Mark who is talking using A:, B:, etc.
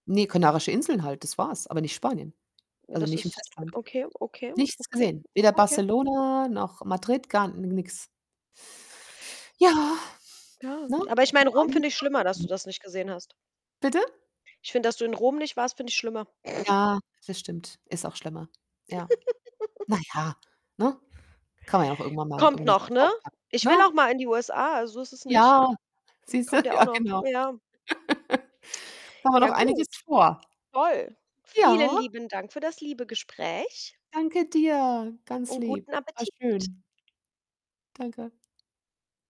A: Ne, Kanarische Inseln halt, das war's, aber nicht Spanien.
B: Ja,
A: Also,
B: das
A: nicht im
B: ist
A: Festland.
B: okay, okay,
A: Nichts
B: okay,
A: gesehen. Weder
B: okay.
A: Barcelona noch Madrid, gar n nix. Ja,
B: Ja,
A: ne?
B: aber ich meine
A: Gibt
B: Rom
A: einiges
B: finde ich
A: zu
B: schlimmer, dass du
A: erkunden.
B: das nicht gesehen hast.
A: Bitte?
B: Ich finde, dass du in Rom nicht warst, finde ich schlimmer.
A: Ja, das stimmt, ist auch schlimmer. Ja. Na ja, ne? Kann man ja auch irgendwann mal
B: Kommt
A: irgendwie so
B: noch, ne?
A: draufpacken,
B: Ich will auch
A: ne?
B: mal in die USA, also, so ist es nicht.
A: Ja, siehst du,
B: Kommt ja auch
A: ja
B: noch
A: genau.
B: ja.
A: Da haben wir
B: Ja
A: noch einiges
B: gut,
A: vor.
B: toll. Vielen
A: Ja.
B: lieben Dank für das liebe Gespräch.
A: Danke dir, ganz
B: Und
A: lieb.
B: guten
A: War
B: Appetit.
A: schön. Danke.